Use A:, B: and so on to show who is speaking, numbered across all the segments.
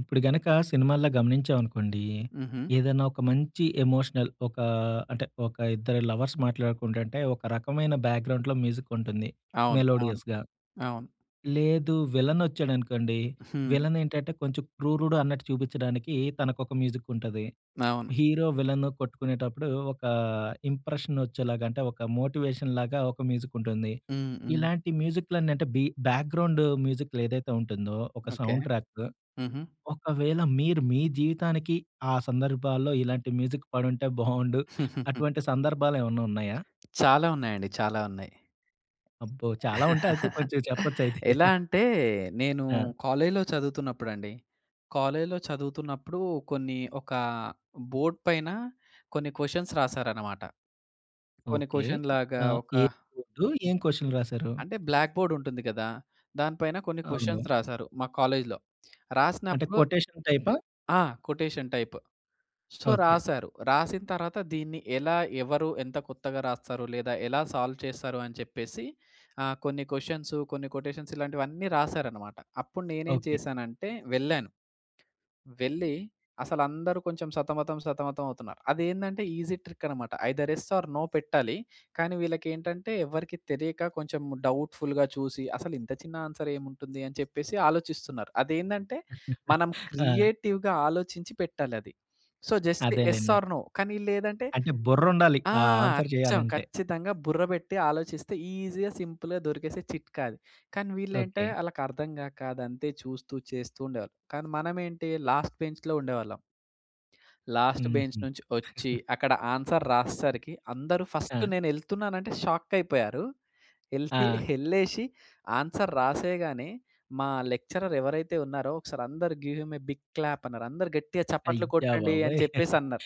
A: ఇప్పుడు గనక సినిమాల్లో గమనించామనుకోండి.
B: హుహు.
A: ఏదైనా ఒక మంచి ఎమోషనల్ ఒక అంటే, ఒక ఇద్దరు లవర్స్ మాట్లాడుకుంటుంటే ఒక రకమైన బ్యాక్‍గ్రౌండ్‌లో మ్యూజిక్ ఉంటుంది.
B: అవును. అవును.
A: మెలోడియస్‌గా.
B: అవును.
A: లేదు విలనొచ్చాడనుకోండి,
B: హ్మ్.
A: విలనేంటంటే, కొంచెం క్రూరుడు అన్నట్టు చూపించడానికి తనకొక మ్యూజిక్ ఉంటది.
B: అవును.
A: హీరో, విలను కొట్టుకునేటప్పుడు ఒక ఇంప్రెషన్ వచ్చేలాగా అంటే ఒక మోటివేషన్ లాగా ఒక మ్యూజిక్ ఉంటుంది.
B: హ్మ్. హ్మ్.
A: ఇలాంటి మ్యూజిక్‍లన్న అంటే బీ బ్యాగ్రౌండ్ మ్యూజిక్‌లు ఏదైతే ఉంటుందో, ఒక
B: ఓకే.
A: Sound track.
B: హుహు.
A: ఒకవేళ మీరు మీ జీవితానికి ఆ సందర్భాల్లో ఇలాంటి మ్యూజిక్ పడుంటే బాగుండు అటువంటి సందర్భాలు ఏమన్నా ఉన్నాయా?
B: చాలా ఉన్నాయండి. చాలా ఉన్నాయి.
A: అబ్బో! చాలా ఉంటాయి అయితే కొంచెం చెప్పొచ్చు అయితే.
B: ఎలా అంటే నేను
A: ఆ!
B: కాలేజ్‌లో చదువుతున్నప్పుడండి. కాలేజ్‌లో చదువుతున్నప్పుడు కొన్ని ఒక బోర్డ్ పైన కొన్ని క్వశ్చన్స్ రాసారన్నమాట. కొన్ని
A: ఓకే.
B: క్వశ్చన్
A: ఏ
B: లాగా ఒక
A: [unintelligible] ఆ! ఏం క్వశ్చన్ రాశారు.
B: అంటే బ్లాక్ బోర్డ్ ఉంటుంది కదా! దాని పైన కొన్ని క్వశ్చన్స్
A: అవును.
B: రాసారు మా కాలేజ్‌లో.
A: అంటే
B: రాసినప్పుడు
A: కొటేషన్ టైపా?
B: ఆ! Quotation type. So,
A: okay.
B: రాసారు. రాసిన తర్వాత దీన్ని ఎలా, ఎవరు ఎంత కొత్తగా రాస్తారో లేదా ఎలా సాల్వ్ చేస్తారు అని చెప్పేసి ఆహ్, కొన్ని క్వశ్చన్స్, కొన్ని కొటేషన్స్, ఇలాంటివన్నీ రాసారన్నమాట. అప్పుడు నేనేం
A: ఓకే.
B: చేశానంటే, వెళ్ళాను. వెళ్ళి అసలు అందరూ కొంచెం సతమతం, సతమతం అవుతున్నారు. అది ఏందంటే ఈజీ ట్రిక్ అన్నమాట. ఐదర్ ఎస్ ఆర్ నో పెట్టాలి. కానీ వీళ్ళకి ఏంటంటే, ఎవరికీ తెలియక కొంచెం డౌట్‌పుల్‌గా చూసి "అసలు ఇంత చిన్న ఆన్సర్ ఏముంటుంది" అని చెప్పేసి ఆలోచిస్తున్నారు. అది ఏందంటే, మనం
A: ఆ!
B: క్రియేటివ్‌గా ఆలోచించి పెట్టాలి అది. సో, జస్ట్ ఎస్
A: అదేలెండి.
B: ఆర్ నో కానీ లేదంటే
A: అంటే బుర్ర ఉండాలి.
B: ఆ!
A: ఆ ఆన్సర్
B: అచ్చం
A: చేయాలంటే.
B: ఖచ్చితంగా బుర్ర పెట్టి ఆలోచిస్తే ఈజీగా, సింపుల్‌గా దొరికేసే చిట్కా అది. కానీ వీళ్ళే అంటే,
A: ఓకే.
B: వాళ్ళకి అర్థంగాక అది అంతే చూస్తూ చేస్తూ ఉండేవాళ్ళు. కానీ మనమేంటి లాస్ట్ బెంచ్‌లో ఉండేవాళ్ళం... లాస్ట్ బెంచ్
A: హుహు
B: నుంచి వచ్చి అక్కడ ఆన్సర్ రాసేసరికి అందరూ ఫస్ట్
A: ఆ!
B: నేను వెళ్తున్నానంటే షాక్ అయిపోయారు. ఎల్తే
A: ఆ!
B: ఎల్లేసి ఆన్సర్ రాసేయగానే మా లెక్చరర్ ఎవరైతే ఉన్నారో ఒకసారి అందరూ "give him a big clap" అన్నారు. "అందరూ గట్టిగా చప్పట్లు
A: అయ్యా
B: కొట్టండి" అని
A: బాబోయ్!
B: చెప్పేసి అన్నారు.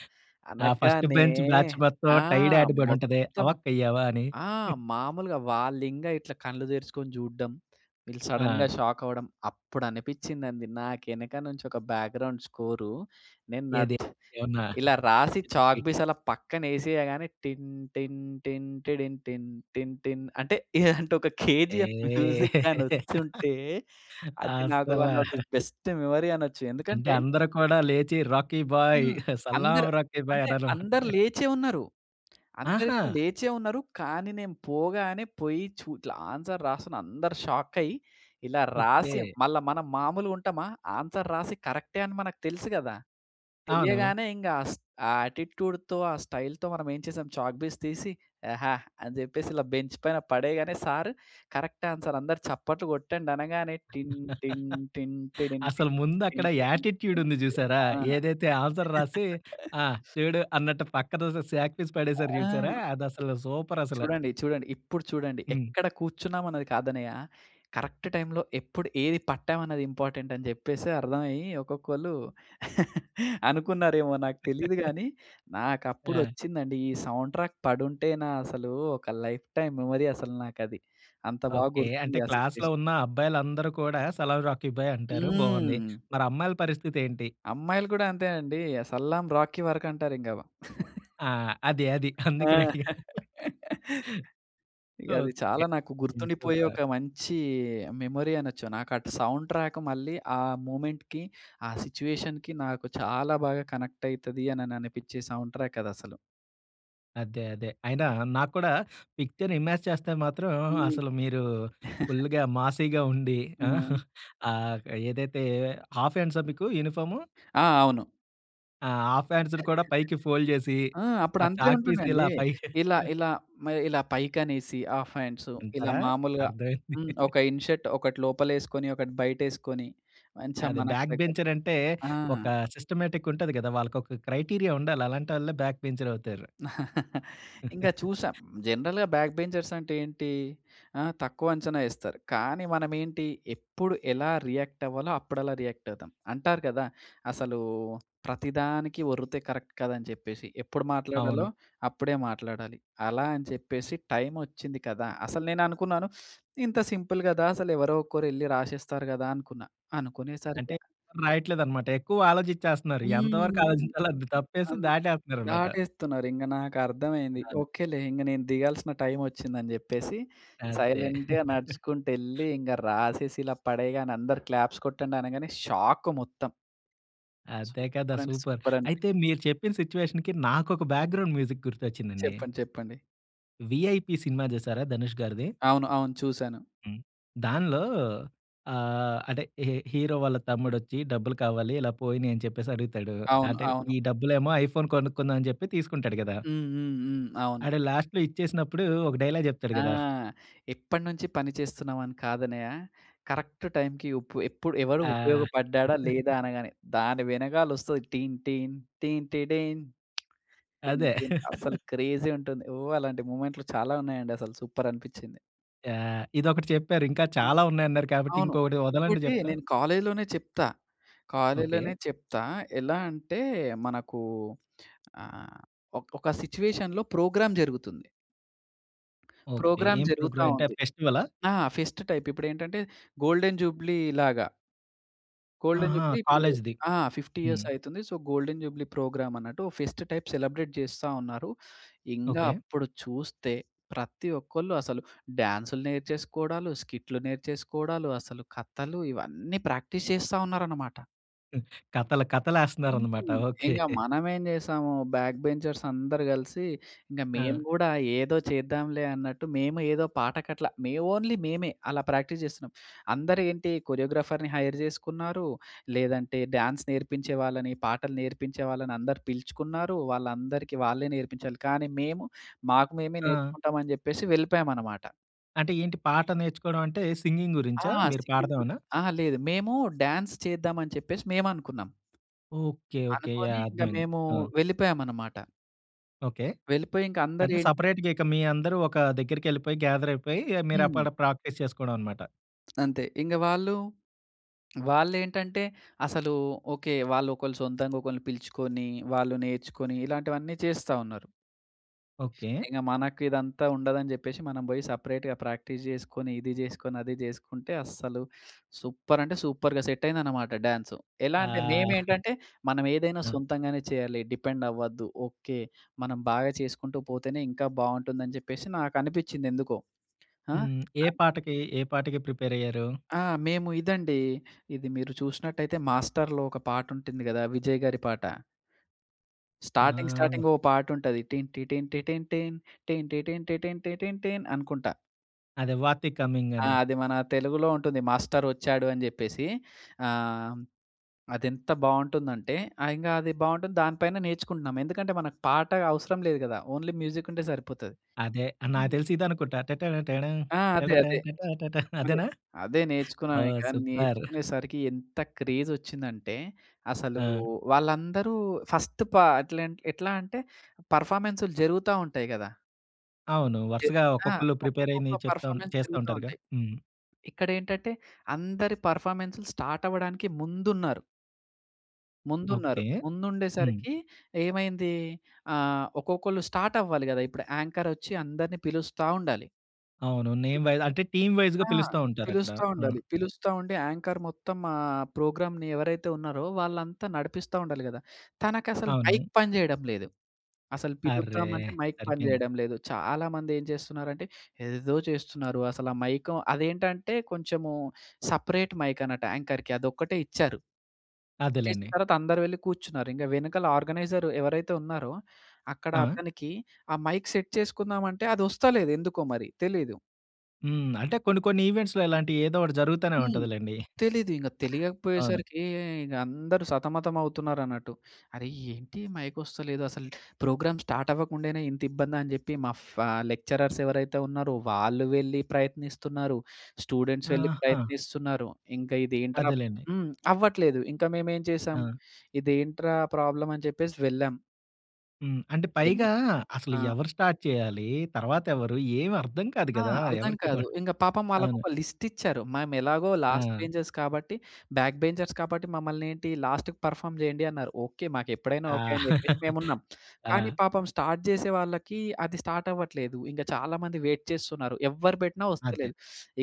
A: ఆ ఫస్ట్
B: అనగానే
A: బెంచ్ బ్యాచ్ మొత్తం
B: ఆ!
A: టైడ్ యాడ్ పడి ఉంటది.
B: మొత్తం
A: అవాకయ్యావ! అని.
B: ఆ! మామూలుగా వాళ్ళు ఇంగా ఇట్లా కళ్ళు తెరుచుకొని చూడడం. వీళ్ళు సడెన్‌గా
A: ఆ!
B: షాక్ అవ్వడం. అప్పుడు అనిపించిందండి. నాకు వెనక నుంచి ఒక బ్యాగ్రౌండ్ స్కోరు నేను
A: ఏది
B: నట్
A: ఏమన్నా
B: ఇలా రాసి చాక్ పీస్
A: [unintelligible]
B: అలా పక్కన వేసేయగానే న్ టిన్ టిన్ టిన్ టిడిన్‌టిన్ టిన్ టిన్ అంటే ఇలాంటి ఒక 'కేజీఎఫ్' మ్యూజిక్
A: ఏహ్!
B: గాని వచ్చుంటే అది నాకు వన్
A: అస్సలా.
B: ఆఫ్ ది బెస్ట్ మెమరీ అనొచ్చు.
A: అంటే
B: ఎందుకంటే
A: అందరు కూడా లేచి 'రాఖీ బాయ్!
B: హ్మ్.
A: సలాం
B: అందరు
A: రాఖీ బాయ్'
B: అంటే
A: అన్నారు
B: అందరూ
A: అన్నమాట.
B: లేచే ఉన్నారు. అందరు
A: ఆహా!
B: ఇట్లా లేచే ఉన్నారు. కానీ నేను పోగానే పోయి చు ఇట్లా ఆన్సర్ రాస్తున్నా అందరు షాక్ అయ్యి ఇలా రాసి
A: ఓకే.
B: మళ్ళా మనం మామూలుగా ఉంటామా. ఆన్సర్ రాసి కరెక్టే అని మనకు తెలుసు గదా!
A: అవును.
B: తెలియగానే ఇంగా అస్ ఆ ఆటిట్యూడ్‌తో ఆ స్టైల్‌తో మనం ఏం చేసాం చాక్‌పీస్ తీసి యెహా! అని చెప్పేసి ఇలా బెంచ్ పైన పడేయగానే సార్ కరెక్ట్ ఆన్సర్ "అందరూ చప్పట్లు కొట్టండి" అనగానే టిన్ టిన్ టిన్
A: అసలు
B: టిడిన్‌టిన్
A: ముందు అక్కడ
B: టిన్ టిన్
A: యాటిట్యూడ్
B: టిడిన్‌టిన్
A: ఉంది చూసారా,
B: ఆ!
A: ఏదైతే ఆన్సర్ రాసి ఆ! చూడు అన్నట్టు పక్కఅదో సాక్‌పీస్ పడేశారు చూసారా!
B: ఆ!
A: అది అసలు సూపర్ అసల.
B: చూడండి. చూడండి. ఇప్పుడు చూడండి.
A: హ్మ్.
B: ఎక్కడ కూర్చున్నాం అన్నది కాదన్నయ్య. కరెక్ట్ టైమ్‌లో ఎప్పుడు ఏది పట్టాం అన్నది ఇంపార్టెంట్ అని చెప్పేసి అర్థం అయ్యి ఒక్కొక్కళ్ళు అనుకున్నారేమో నాకు తెలియదు గాని నాకు
A: ఆ!
B: అప్పుడొచ్చిందండి. ఈ సౌండ్ ట్రాక్ పడుంటేనా అసలు ఒక లైఫ్ టైమ్ మెమరీ అసలు నాకు అది. అంత బాగా
A: ఓకే.
B: గుర్తుంది.
A: అంటే
B: ఆ
A: క్లాస్‌లో
B: సిట్యుయేషన్.
A: ఉన్న అబ్బాయిలందరూ కూడా సలాం రాఖీ భాయ్ అంటారు. బాగుంది.
B: హ్మ్.
A: మరి అమ్మాయిల పరిస్థితి ఏంటి?
B: అమ్మాయిలు కూడా అంతేనండి. అ 'సలాం రాఖీ' వరకు అంటారు ఇంకా.
A: ఆ! అది అది
B: ఆ!
A: అందుకనే అడిగాను.
B: ఇగ అది
A: ఓకే.
B: చాలా నాకు గుర్తుండిపోయే
A: సూపర్!
B: ఒక మంచి మెమరీ అనొచ్చు. నాకు అటు సౌండ్ ట్రాక్ మళ్ళీ ఆ మూవ్మెంట్‌కి, ఆ సిట్యుయేషన్‌కి నాకు చాలా బాగా కనెక్ట్ అయితది అని అనిపించే సౌండ్ ట్రాక్ అది అసలు.
A: అదే అదే అయినా నాకు కూడా పిక్చర్ ఇమేజ్ చేస్తే మాత్రం
B: హ్మ్.
A: అసలు మీరూ ఫుల్లుగా మాసీగా ఉండి ఆ!
B: హ్మ్.
A: ఆహ్, ఏదైతే హాఫ్ హ్యాండ్సా మీకు యూనిఫార్ము?
B: ఆ! అవును.
A: ఆ! హాఫ్ హ్యాండ్స్‌ని కూడా పైకి ఫోల్డ్ చేసీ,
B: ఆ! అప్పుడు
A: ఆ
B: అంతే
A: చాక్ పీస్ ఇలా
B: ఉంటుందండి.
A: పైకి
B: ఇలా ఇలా మ ఇలా పైకి అనేసి ఆఫ్ హ్యాండ్సు ఇలా
A: అంటారా?
B: మాములుగా
A: అర్థం అయింది.
B: హ్మ్. ఒక ఇన్ షర్ట్ ఒకటి లోపల ఏసుకొని ఒకటి బయట ఏసుకొని మంచిగ
A: అది
B: మనకు
A: బ్యాక్
B: తగ్గట్టు.
A: బెంచర్ అంటే
B: ఆ!
A: ఒక సిస్టమాటిక్ ఉంటది కదా! వాళ్ళకు ఒక క్రైటీరియా ఉండాలి. అలాంటోళ్ళే బ్యాక్ బెంచర్ అవుతారు.
B: ఇంక చూసా. జనరల్‌గా బ్యాక్ బెంచర్స్ అంటే ఏంటీ, ఆ! తక్కువ అంచనా ఏస్తారు. కానీ మనం ఏంటి ఎప్పుడు ఎలా రియాక్ట్ అవ్వాలో అప్పుడు అలా రియాక్ట్ అవుతాం. అంటారు కదా! అసలూ ప్రతి దానికి ఒర్రుతే కరక్ట్ కాదు అని చెప్పేసి. ఎప్పుడు మాట్లాడాలో,
A: అవును.
B: అప్పుడే మాట్లాడాలి. అలా అని చెప్పేసి టైమ్ ఒచ్చింది కదా! అసలు నేను అనుకున్నాను "ఇంత సింపుల్ గదా! అసలు ఎవరో ఒకరు ఎళ్ళి రాసేస్తారు" గదా అనుకున్నా. అనుకునేసరికి
A: అంటే ఎవరు రాయట్లేదు అనమాట. ఎక్కువ ఆలోచిచ్చేస్తన్నారు. ఎంత వరకు
B: హ్మ్.
A: ఆలోచించాలో అంత తప్పేసి
B: అన్
A: దాటేస్తన్నారు అనమాట.
B: దాటేస్తున్నారు ఇంగ నాకు అర్థమైంది.
A: అవును.
B: ఓకేలే ఇంగ నేను దిగాల్సిన టైమ్ ఒచ్చింది అని చెప్పేసి
A: అంతే.
B: సైలెంట్‌గా నడుచుకుంట ఎళ్ళి ఇంగ రాసేసి ఇలా పడేయగానే అందరు క్లాప్స్ కొట్టండి అనగానే షాక్ మొత్తం.
A: అదే కదా
B: సూపర్ అంటే
A: సూపర్.
B: సూపర్ అనిపించింది.
A: అయితే మీరు చెప్పిన సిట్యుయేషన్‌కి నాకొక బ్యాక్గ్రౌండ్ మ్యూజిక్ గుర్తొచ్చిందండి.
B: చెప్పండి చెప్పండి.
A: 'విఐపి సినిమా' జూశారా ధనుష్‌గారిది?
B: అవును. అవును. చూసాను.
A: హ్మ్. దానిలో ఆహ్, అదె హిహి ఈ హీరో వాళ్ళ తమ్ముడొచ్చి డబ్బులు కావాలి, ఇలా పోయినియి అని చెప్పేసి అడుగుతాడు.
B: అవును.
A: అంటే
B: అవును.
A: ఈ డబ్బులేమో ఐఫోన్ కొనుక్కుందాం అని జెప్పి తీసుకుంటాడు గదా!
B: హ్మ్. హ్మ్. హ్మ్. అవును.
A: ఆడు లాస్ట్‌లో ఇచ్చేసినప్పుడు ఒక డైలాగ్ జెప్తాడు
B: ఆ!
A: గదా!
B: ఎప్పడినుంచి పని చేస్తున్నామని కాదన్నయ్య, కరెక్ట్ టైమ్‌కి ఉప్పు ఎప్పుడు ఎవడు
A: ఆ!
B: ఉపయోగపడ్డాడా, లేదా అనగానే దాని వెనకాలొస్తది టీన్ టీన్ టీన్‌టెడిన్. టీన్
A: అదే.
B: టీన్ అస్సలు క్రేజీ ఉంటుంది. ఓహ్! అలాంటి మొమెంట్‌లు చాలా ఉన్నాయండి. అసలు సూపర్ అనిపించింది.
A: యాహ్! ఇదొకటి చెప్పారు. ఇంకా చాలా ఉన్నాయి అన్నారు కాబట్టి
B: అవును.
A: ఇంకొకటి ఒదలండి
B: ఇంకోటి
A: జెప్తా.
B: నేను కాలేజ్‌లోనే చెప్తా.
A: ఓకె.
B: కాలేజ్‌‌లోనే చెప్తా. ఎలా అంటే మనకు ఆహ్, ఒక్ ఒక సిట్యుయేషన్‌లో ప్రోగ్రామ్ జరుగుతుంది.
A: ఓకె.
B: ప్రోగ్రామ్
A: ఏం
B: జరుగుతా
A: ప్రోగ్రామ్? అంటే
B: ఉంది.
A: ఫెస్టివలా?
B: ఆ! Fest type. ఇప్పుడేంటంటే గోల్డెన్ జూబ్లీలాగా. గోల్డెన్
A: ఆహా!
B: జూబ్లీ ఇప్పుడు
A: కాలేజ్‌‌‌‌‌ది.
B: ఆ! 50 ఇయర్స్
A: హ్మ్.
B: అయితుంది. సో, గోల్డెన్ జూబ్లీ ప్రోగ్రామ్ అన్నట్టు ఫెస్ట్ టైప్ సెలబ్రేట్ చేస్తా ఉన్నారు. ఇంగ
A: ఓకె.
B: అప్పుడు చూస్తే ప్రతి ఒక్కళ్ళు అసలు డాన్స్‌లు నేర్చేసుకోడాలు, స్కిట్‌లు నేర్చేసుకోడాలు, అసలు కథలు ఇవన్నీ ప్రాక్టీస్ చేస్తా ఉన్నారనమాట.
A: హ్మ్. కథలు కథలు
B: హ్మ్.
A: ఏస్తన్నారన్నమాట. ఓకె.
B: ఇంక మనమేం జేసాము బ్యాక్ బెంచర్స్ అందరూ కలిసి ఇంక మేము
A: ఆ!
B: కూడా ఏదో చేద్దాంలే అన్నట్టు మేము ఏదో పాట కట్ల, మే ఓన్లీ మేమే అలా ప్రాక్టీస్ జేస్తున్నాం. అందరూ ఏంటి కొరియోగ్రాఫర్‌ని హైర్ చేసుకున్నారు లేదంటే డ్యాన్స్ నేర్పించే వాళ్ళని, పాటలు నేర్పించే వాళ్ళని అందరూ పిలుచుకున్నారు. వాళ్ళందరికీ వాళ్ళే నేర్పించాలి కానీ మేము మాకు మేమే
A: ఆ!
B: నేర్చుకుంటామని చెప్పేసి వెళ్ళిపోయామనమాట.
A: అంటే ఏంటి పాట నేర్చుకోవడం అంటే సింగింగ్
B: ఆ!
A: గురించా? మీరు
B: సింగింగ్ గురి
A: పాడదామనా?
B: అహా! లేదు. మేము డాన్స్ చేద్దామని చెప్పేసి మేమనుకున్నాం.
A: Okay, okay.
B: అనుకోని
A: యాహ్!
B: ఇంక
A: అర్థమైంది.
B: మేమూ
A: ఆ!
B: వెళ్ళిపోయామన్నమాట.
A: ఓకె.
B: వెళ్ళిపోయి ఇంక అందరు
A: అంటే
B: ఏంటి
A: సెపరేట్‌గా ఇక మీ అందరూ ఒక దగ్గరికెళ్ళిపోయి గ్యాదర్ అయిపోయి మీరు
B: హ్మ్.
A: అక్కడ ప్రాక్టీస్ చేసుకోవడమనమాట.
B: అంతే. ఇంగ వాళ్ళు వాళ్ళేంటంటే అసలూ ఓకె వాళ్ళొకళ్ళు సొంతంగా ఒకళ్ళని పిలుచుకొని వాళ్ళు నేర్చుకొని ఇలాంటివన్నీ చేస్తా ఉన్నారు.
A: ఓకె.
B: ఇక మనకిదంతా ఉండదని జెప్పేసి, మనం బోయి సెపరేట్‌గా ప్రాక్టీస్ జేసుకొని ఇది జేసుకొని, అది జేసుకుంటే అస్సలు సూపర్ అంటే సూపర్‌గా సెట్ అయిందనమాట డ్యాన్సు. ఎలా అంటే
A: ఆ
B: మేమేంటంటే మనమేదైనా
A: దబ్
B: సొంతంగానే చేయాలి. డిపెండ్ అవ్వద్దు. ఓకె. మనం బాగా చేసుకుంటూ పోతేనే, ఇంకా బావుంటుందని జెప్పేసి నాకనిపించిందేందుకో. ఆ!
A: హ్మ్. ఏ
B: ఆద్
A: పాటకీ? ఏ పాటకి ప్రిపేరయ్యారూ?
B: ఆ! మేము ఇదండీ, ఇది మీరు చూసినట్టయితే మాస్టర్‌లో ఒక పాటుంటుంది గదా విజయ్ గారి పాట.
A: ఆ
B: స్టార్టింగ్
A: అహ్
B: స్టార్టింగ్ ఓ పాటుంటది. టిన్ టి టిన్ టిన్ టిన్ టి టిన్ టిన్ టిన్ టిన్ టీన్ అనుకుంటా.
A: అదే 'వాతి
B: ఆ!
A: కమింగని.'
B: అది మన తెలుగులో ఉంటుంది. మాస్టరొచ్చాడు అని చెప్పేసి. ఆహ్, అదెంత బావుంటుందంటే ఆ! ఇంగ అది బావుంటుంది, దాని పైన నేర్చుకుంటున్నాం. ఎందుకంటే, మనకు పాట అవసరం లేదు గదా! ఓన్లీ మ్యూజిక్కుంటే సరిపోతది.
A: అదే. ఆహ్, నాకు దెలిసి ఇదనుకుంటా, టట్టడ టాడమ్
B: ఆ! అదే,
A: టడటా
B: అదే.
A: టట్టా టట్టా
B: అదే.
A: అదేనా?
B: అదే
A: ఓహ్!
B: నేర్చుకున్నావిక.
A: సూపర్.
B: నేర్చుకునేసరికి ఎంత క్రేజొచ్చిందంటే, అసలూ
A: ఆ!
B: వాళ్ళందరూ ఫస్ట్ పాట్లెంట్ ఎట్లా అంటే, పర్ఫామెన్సులు జరుగుతా ఉంటాయి గదా!
A: అవునూ.
B: జ
A: వరసగా
B: ఆ!
A: ఒక్కొక్కళ్ళు
B: ఒక్కొక్కొక్క
A: ప్రిపేరయినియి చెప్తాన్
B: పర్ఫామెన్స్‌
A: చేస్తా
B: జరుగు‌తా
A: ఉంటారుగా.
B: ఉంటాయి.
A: హ్మ్.
B: ఇక్కడేంటంటే, అందరి పర్ఫామెన్సులు స్టార్టవ్వడానికి ముందున్నారు... ముందున్నారు.
A: ఓకే. హ్మ్.
B: ముందుండేసరికి ఏమైందీ? ఆహ్, ఒక్కొక్కళ్ళు స్టార్టవ్వాలి గదా ఇప్పుడె. యాంకరొచ్చి అందరిని పిలుస్తా ఉండాలి.
A: అవును. నేమ్
B: పిలుస్త
A: వైస్ అంటే, టీమ్ వైస్‌గా
B: ఆ!
A: పిలుస్తా ఉంటారక్కడ.
B: పిలుస్తా
A: ఆ!
B: ఉండాలి. పిలుస్తా ఉండి, యాంకర్ మొత్తం ఆహ్, ప్రోగ్రామ్‌ని ఎవరైతే ఉన్నారో, వాళ్ళంతా నడిపిస్తా ఉండాలి గదా! తనకసలు మైక్
A: అవును.
B: పని జెయడం లేదు. అసలు
A: అర్రే!
B: పిలుద్దామంటే మైక్ పని
A: సరిపెయింది.
B: చేయడం లేదు. చాలామందేం చేస్తున్నారంటే, ఎదేదో చేస్తున్నారు. అసలు ఆ మైకో అదేంటంటే, కొంచెము సపరేట్ మైకన్నట్టు యాంకర్‌కి అదొక్కటే ఇచ్చారు. ఇచ్చేసిన
A: అదేలేండి.
B: తర్వాత అందరూ వెళ్ళి కూచ్చున్నారు. ఇంగ వెనకాల ఆర్గనైజరు ఎవరైతే ఉన్నారో, అక్కడ
A: ఆ!
B: అతనికి, ఆ మైక్ సెట్ చేసుకుందామంటే, అదొస్తలేదు. ఎందుకో మరి తెలీదు.
A: హ్మ్. అంటే కొన్ని కొన్ని ఈవెంట్స్‌లో ఇలాంటివి ఏదో ఒకటి జరుగుతానే
B: హ్మ్.
A: ఉంటది లెండి.
B: తెలీదు ఇంగ
A: అవును.
B: తెలియకపోయేసరికి ఇంగ అందరూ సతమతం అవుతున్నారు అన్నట్టు. అరే! ఏంటి ఈ మైక్ ఒస్తలేదు అసలు. ప్రోగ్రామ్ స్టార్ట్ అవ్వకుండానే ఇంత ఇబ్బందా అని చెప్పి మా ఫా లెక్చరర్స్ ఎవరైతే ఉన్నారో వాళ్ళు వెళ్లి ప్రయత్నిస్తున్నారు. స్టూడెంట్స్ వెళ్ళి
A: ఆహా!
B: ప్రయత్నిస్తున్నారు. ఇంక ఇదేంట్రా
A: అదేలెండి.
B: హ్మ్, అవ్వట్లేదు ఇంక మేమెం చేసాము.
A: ఆ!
B: ఇదేంట్రా ప్రాబ్లమ్ అని చెప్పేసి వెళ్ళాం.
A: హ్మ్. అంటే పైగా
B: [unintelligible]
A: అసలు
B: ఆ!
A: ఎవరు స్టార్ట్ చేయాలి? తర్వాత ఎవరు, ఏమి అర్థం కాదు
B: ఆ!
A: కదా!
B: అర్థం
A: ఎవరికి
B: కాదు
A: కూడ.
B: ఇంక పాపం వాళ్ళకి
A: అవును.
B: ఒక లిస్ట్ ఇచ్చారు. మేము ఎలాగో లాస్ట్
A: ఆ!
B: బెంచర్స్ కాబట్టి, బ్యాక్ బెంచర్స్ కాబట్టి మమ్మల్ని ఏంటి లాస్ట్‌కి పర్ఫార్మ్ చేయండి అన్నారు. ఓకె, మాకు ఎప్పుడైనా ఓకె
A: ఆ!
B: అని చెప్పేసి మేము ఉన్నాం. కానీ
A: ఆ!
B: పాపం స్టార్ట్ చేసే వాళ్ళకి అది స్టార్ట్ అవ్వట్లేదు. ఇంగ చాలామంది వెయిట్ చేస్తున్నారు. ఎవరు పెట్టినా
A: అదే.
B: వస్తలేదు.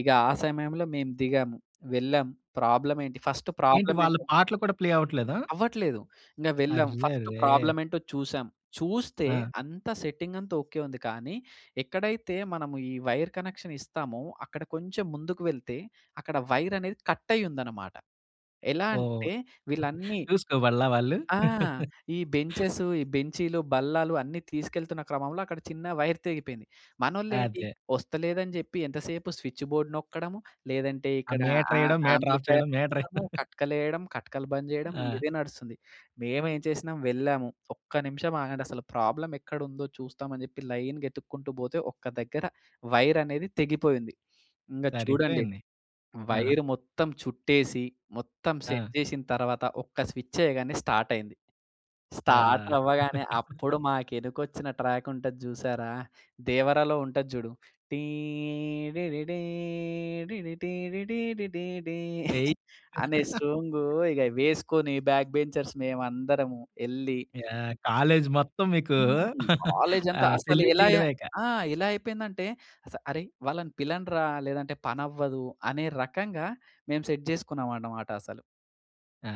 B: ఇగ ఆ! సమయంలో మేము దిగాం, వెళ్ళాము ప్రాబ్లమ్ ఏంటి ఫస్ట్
A: ఏంటి
B: ప్రాబ్లమ్
A: వాళ్ళ
B: ఏంటి?
A: పాటలు కూడా ప్లే అవ్వట్లేదా?
B: అవ్వట్లేదు. ఇంగ వెళ్ళాం. ఫస్ట్
A: అర్రేరే!
B: ప్రాబ్లమ్ ఏంటో చూసాం. చూస్తే
A: ఆ!
B: అంతా సెట్టింగ్ అంతా ఓకె ఉంది కానీ, ఎక్కడైతే మనము ఈ వైర్ కనెక్షన్ ఇస్తామో అక్కడ కొంచెం ముందుకు వెళ్తే అక్కడ వైర్ అనేది కట్ అయ్యుందన్నమాట. ఎలా
A: ఓహ్!
B: అంటే వీళ్ళన్నీ
A: చూసుకోవళ్ళా వాళ్ళు.
B: ఆ! ఈ బెంచెసు, ఈ బెంచీలు, బల్లాలు అన్నీ తీసుకెళ్తున్న క్రమంలో అక్కడ చిన్న వైర్ తెగిపోయింది. మనోళ్ళేంటి,
A: అదే.
B: వస్తలేదని చెప్పి ఎంతసేపు స్విచ్‌బోర్డ్ నొక్కడం, లేదంటే
A: ఆ!
B: ఇక్కడ
A: మీటర్
B: ఆహ్, ఆహ్,
A: ఏయడం, మీటర్ ఆఫ్
B: యాంప్లిఫైయర్
A: చేయడం. మీటర్.
B: నొక్కడము, కట్కలు ఎయడం, కట్కలు బంద్ చేయడం, ఇంగ
A: ఆ!
B: ఇదే నడుస్తుంది. మేము ఏం చేసినాము వెళ్ళాము ఒక్క నిమిషం ఆగండి అసలు ప్రాబ్లమ్ ఎక్కడ ఉందో చూస్తామని చెప్పి లైన్‌గా ఎతుక్కుంటూ పోతే, ఒక్క దగ్గర వైర్ అనేది తెగిపోయి ఉంది. ఇంగ చూడండి,
A: సరిపోయింది. ఆ!
B: వైర్ మొత్తం చుట్టేసి మొత్తం సెట్
A: ఆ!
B: చేసిన తర్వాత ఒక్క స్విచ్ చేయగానే స్టార్ట్ అయింది. స్టార్ట్
A: ఆ!
B: అవ్వగానే అప్పుడు మాకు ఎనకొచ్చిన ట్రాక్ ఉంటది చూసారా. దేవరలో ఉంటది చూడు. టీ డీడీడీ డీడీటీ డీడీటీటీడీ
A: ఏయ్!
B: అనే సాంగ్ ఇక వేసుకొని బాక్ బెంచర్స్ మేమందరము ఎళ్ళి.
A: యాహ్! కాలేజ్ మొత్తం మీకూ
B: హ్మ్. కాలేజ్‌ అంతా
A: ఆహ్,
B: అసలు
A: సెల్యూట్
B: ఎలా అయ
A: చేయడమే ఇక.
B: ఆ! ఎలా అయిపోయిందంటే అసలు "అరేయ్ వాళ్ళని పిలండిరా! లేదంటే పని అవ్వదు" అనే రకంగా మేము సెట్ చేసుకున్నామాట మాట. అసలు.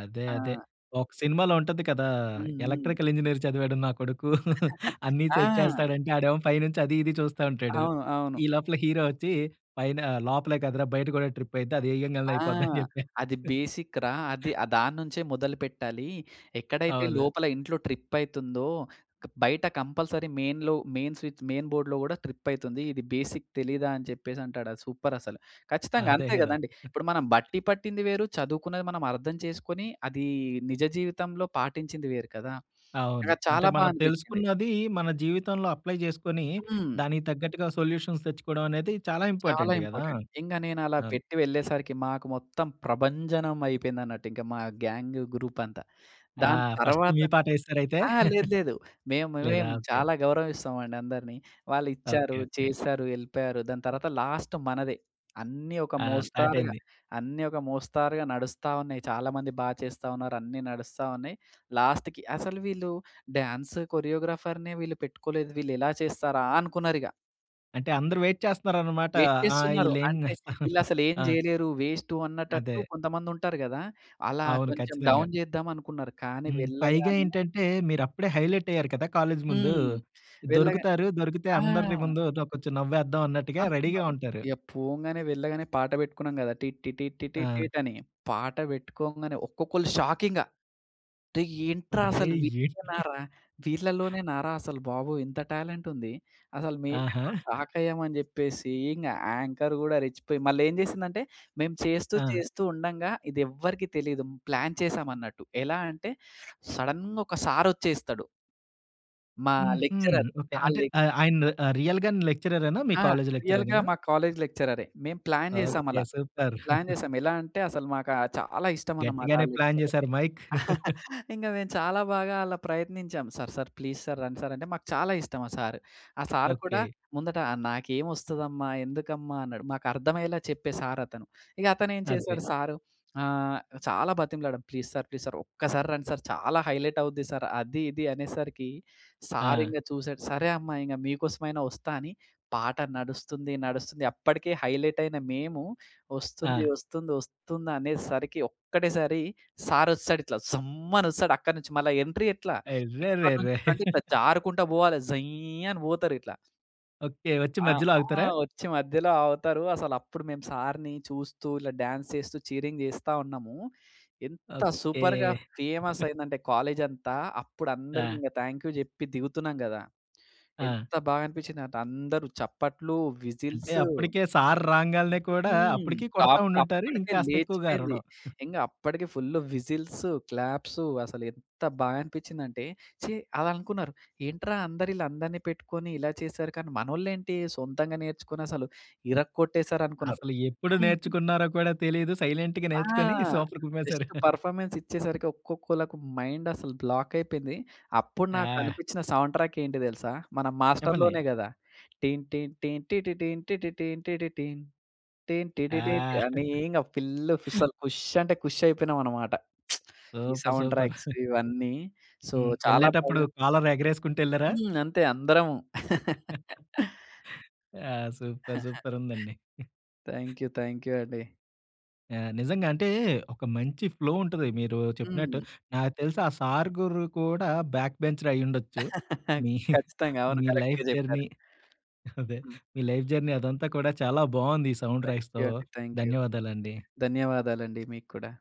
A: అదే, అదే.
B: ఆ!
A: ఒక సినిమాలో ఉంటది కదా!
B: హ్మ్. హ్మ్.
A: ఎలక్ట్రికల్ ఇంజినీర్ చదివాడు నా కొడుకు అన్నిసెట్
B: ఆ!
A: చేస్తాడు అంటే ఆడేమో పైనుంచి అది ఇది చూస్తా ఉంటాడు.
B: అవును. అవును.
A: ఈ లోపల హీరో వచ్చి పైన లోపలే కదరా బయట కూడా ట్రిప్ అయితే అది ఏయంగాల్నే
B: ఆ!
A: అయిపోద్ది అని చెప్పా.
B: అది బేసిక్‌రా! అది. ఆ దానుంచే మొదలుపెట్టాలి. ఎక్కడైతే
A: అవును.
B: లోపల ఇంట్లో ట్రిప్ అయితుందో, బయట కంపల్సరీ మెయిన్‌లో, మెయిన్ స్విచ్ మెయిన్ బోర్డ్‌లో కూడా ట్రిప్ అయితుంది. ఇది బేసిక్ తెలీదా? అని చెప్పేసి అంటాడు. అది సూపర్ అసలు. ఖచ్చితంగా
A: అదే
B: అంతే
A: కదా!
B: కదండీ! ఇప్పుడు మనం బట్టి పట్టింది వేరు. చదువుకున్నది మనం అర్థం చేసుకొని అది నిజ జీవితంలో పాటించింది వేరు కదా!
A: అవును.
B: నాకు
A: అంటే
B: చాలా బా
A: మనం
B: అనిపిచ్చింది.
A: తెలుసుకున్నది మన జీవితంలో అప్లై చేసుకొని,
B: హ్మ్.
A: దానికి తగ్గట్టుగా సొల్యూషన్స్ తెచ్చుకోవడం అనేది చాలా
B: చాలా
A: ఇంపార్టెంట్ కదా!
B: ఇంపార్టెంట్. ఇంగ నేను అలా
A: అవును.
B: పెట్టి వెళ్ళేసరికి, మాకు మొత్తం ప్రభంజనం అయిపోయింది అన్నట్టు, ఇంక మా గ్యాంగ్ గ్రూప్ అంతా.
A: ఆ!
B: దాని
A: ఫస్ట్ మీ
B: తర్వాతనె
A: పాటేసారైతే?
B: ఆ! లేదు, లేదు. మేము మేమే
A: లేదా! ఓకే.
B: చాలా గౌరవిస్తామండి అందరిని. వాళ్ళు ఇచ్చారు.
A: ఓకె. ఓకె.
B: చేశారు. ఎళ్ళిపోయారు. దాని తర్వాత లాస్ట్ మనదే. అన్నీ ఒక
A: ఆ! స్టార్ట్
B: మోస్తారుగా
A: అయింది.
B: అన్నీ ఒక మోస్తారుగా నడుస్తా ఉన్నాయి. చాలామంది బా చేస్తా ఉన్నారు. అన్నీ నడుస్తా ఉన్నాయి. లాస్ట్‌కి అసలు వీళ్ళు డాన్స్ కొరియోగ్రాఫర్‌నే వీళ్ళు పెట్టుకోలేదు. వీళ్ళు ఎలా చేస్తారా! అనుకున్నారు ఇగ.
A: అంటే అందరు వెయిట్ చేస్తున్నారనమాట.
B: వెయిట్
A: ఆ!
B: చేస్తున్నారు
A: ఈల్లేం
B: అంతే.
A: చేస్తా
B: ఈళ్ళసలు ఏమి
A: ఆ!
B: జేయలేరు. వేస్టు
A: అదే.
B: అన్నటట్టు కొంతమంది ఉంటారు గదా! అలా
A: అవును.
B: కొంచెం
A: ఖచ్చితంగా.
B: డౌన్ జేద్దాం అనుకున్నారు. కానీ
A: హ్మ్. పైగా
B: వెళ్ళగానే
A: ఏంటంటే మీరప్పుడే హైలైట్ అయ్యారు కదా! కాలేజ్ ముందు.
B: హ్మ్. వెళ్ళగా
A: దొరుకుతారు. దొరికితే
B: ఆ!
A: అందరిని ముందు దొ కొంచెం నవ్వేద్దాం అన్నట్టుగా రెడీగా
B: అనుకున్నారు.
A: ఉంటారు.
B: ఇగ పోంగానే వెళ్ళగానే పాట పెట్టుకున్నాం గదా! టి టి టి
A: ఆ!
B: టిట్ అని. పాట పెట్టుకోంగానే ఒక్కొక్కళ్ళు షాక్ ఇంగ. రేయ్! ఏంట్రా
A: అర్రె!
B: అసలు
A: ఏం?
B: వీళ్ళేనారా? వీళ్ళలోనేనారా అసలు బాబోయ్! ఇంత టాలెంట్ ఉంది! అసలు మేము
A: ఆహా!
B: షాక్ అయ్యామని చెప్పేసి ఇంగ యాంకర్ గూడా రెచ్చిపోయి మళ్ళీ ఏం చేసిందంటే మేము చేస్తూ
A: ఆ!
B: చేస్తూ ఉండంగా ఇది ఎవ్వరికీ తెలీదు. ప్లాన్ చేసాం అన్నట్టు. ఎలా అంటే సడన్‌గా ఒక సార్ వచ్చేస్తాడు. మా
A: హుహు.
B: లెక్చరర్.
A: ఓకె.
B: ఆ
A: అంటే
B: లె
A: ఆహ్, ఆయన ఆహ్, రియల్‌గా న్ లెక్చరరేనా? మీ
B: ఆ!
A: కాలేజ్
B: రియల్‌గా
A: లెక్చరరేనా?
B: మా కాలేజ్ లెక్చరరే. మేము ప్లాన్ జేసాం
A: ఓకే.
B: అలా.
A: సూపర్!
B: ప్లాన్ చేసాం. ఎలా అంటే అసలు మాక చాలా ఇష్టం అనమాట ఆ
A: గట్టిగానే ప్లాన్
B: లెక్చరర్.
A: జేసారు మైక్.
B: ఇంగ మేము చాలా బాగా అలా ప్రయత్నించాం. సర్ సర్ ప్లీస్ సర్ రండి సర్ అంటే మాకు చాలా ఇష్టం ఆ సార్. ఆ సార్ కూడా
A: ఓకే.
B: ముందట నాకేం ఒస్తదమ్మా? ఎందుకమ్మా? అన్నాడు. మాకు అర్థమయ్యేలా చెప్పే సార్ అతను. ఇగ అతనేం
A: అదే.
B: చేసాడు సారు ఆహ్, చాలా బతిమలాడం. ప్లీస్ సార్ ప్లీజ్ సార్ ఒక్కసారి రండి సార్ చాలా హైలైట్ అవుద్ది సార్. అది ఇది అనేసరికి. సార్
A: ఆ!
B: ఇంగ చూసాడు. సరే అమ్మా ఇంగ మీకోసమైనా వస్తా అని పాట నడుస్తుంది నడుస్తుంది. అప్పటికే హైలైట్ అయిన మేము. వస్తుంది
A: ఆ!
B: వస్తుంది వస్తుందనే సరికి ఒక్కటేసారి సార్ వస్తడిట్లా జుమ్ అని ఒస్తడు అక్కడి నుంచి. మళ్ళా ఎంట్రీ ఎట్లా? ఇక్కన్నుంచి
A: అర్రెర్రెరే!
B: ఇట్లంటే ఇట్లా జారుకుంటా పోవాలె జయ్ అని పోతరు ఇట్లా.
A: ఓకె. వచ్చి
B: ఆహ్,
A: మధ్యలో
B: ఆ!
A: ఆగుతారా?
B: వచ్చి మధ్యలో ఆగుతారు. అసలు అప్పుడు మేము సార్‌ని చూస్తూ ఇలా డాన్స్ చేస్తూ చీరింగ్ చేస్తా ఉన్నాము. ఎంత
A: ఓకె.
B: సూపర్‌గా ఫేమస్ అయిందంటే కాలేజంతా అప్పుడు అందరికి
A: ఆ!
B: ఇంక థాంక్ యూ చెప్పి దిగుతున్నాం కదా!
A: ఆ!
B: ఎంత బాగానిపించిందంటే అందరూ చప్పట్లు,
A: అంటే
B: విజిల్సూ.
A: అప్పటికే సార్ రాంగాలనే కూడా
B: హ్మ్!
A: అప్పటికి కొడతా
B: టాప్
A: ఉండుంటారు
B: అప్పటికే
A: ఇంకాస్త ఎక్కువగా
B: లేచిపోయింది.
A: అరవడం.
B: ఇంగ అప్పటికే ఫుల్ విసిల్సూ, క్లాప్సూ అసలు ఎంత బా అనిపించిందంటే ఛీ! అలా అనుకున్నారు. ఏంట్రా! అందరు ఈళ్ళందరిని పెట్టుకొని ఇలా చేసారు. కానీ మనోళ్ళు ఏంటీ సొంతంగా నేర్చుకొని అసలు ఇరగోట్టేసారనుకున్నారు.
A: అసలు ఎప్పుడు
B: హ్మ్.
A: నేర్చుకున్నారో కూడా తెలియదు. సైలెంట్‌గా
B: ఆ!
A: నేర్చుకొని సూపర్ కుమ్మేసారు.
B: జస్ట్ పెర్ఫార్మన్స్ ఇచ్చేసరికి ఒక్కొక్కళ్ళకి మైండ్ అసలు బ్లాక్ అయిపోయింది. అప్పుడు
A: యహ్!
B: నాకనిపించిన సౌండ్ ట్రాక్ ఏంటి తెలుసా! మన
A: చెప్పండి?
B: 'మాస్టర్‌'లోనే కదా! టిన్ టిన్ టిన్‌టిటిన్ టిటిన్ టిటిన్ టిన్
A: ఆ!
B: టీటిన్ అని ఇంగ ఫుల్లు ఫిసల్ అసలు కుష్ అంటే కుష్ అయిపోయినామన్నమాట. ఈ
A: సూపర్!
B: Sound
A: super!
B: ట్రాక్స్ ఇవన్నీ. So
A: hmm.
B: చాలా
A: ఎళ్ళేటప్పుడు
B: బాగా
A: కాలర్ ఎగరేసుకుంటూ ఏళ్లారా?
B: హ్మ్. అంతే అందరము.
A: ఆ! సూపర్! సూపరుందండి.
B: థ్యాంక్ యూ, థ్యాంక్ యూ అండి.
A: ఆ! నిజంగా. అంటే ఒక మంచి ఫ్లో ఉంటది మీరూ
B: హ్మ్.
A: చెప్పినట్టు. నాకు తెలిసి ఆ సార్ గురూ కూడా బ్యాక్ బెంచరే అయ్యుండొచ్చు. మీ
B: ఖచ్చితంగా అవును.
A: మీ
B: కరెక్ట్‌గా
A: లైఫ్
B: చెప్పారు.
A: జర్నీ అదే
B: హ్మ్.
A: మీ లైఫ్ జర్నీ అదంతా కూడా చాలా బావుంది ఈ సౌండ్
B: థ్యాంక్
A: రైజ్‌తో.
B: యూ అండి. Thank you.
A: ధన్యవాదాలండి.
B: ధన్యవాదాలండి మీకు కూడా.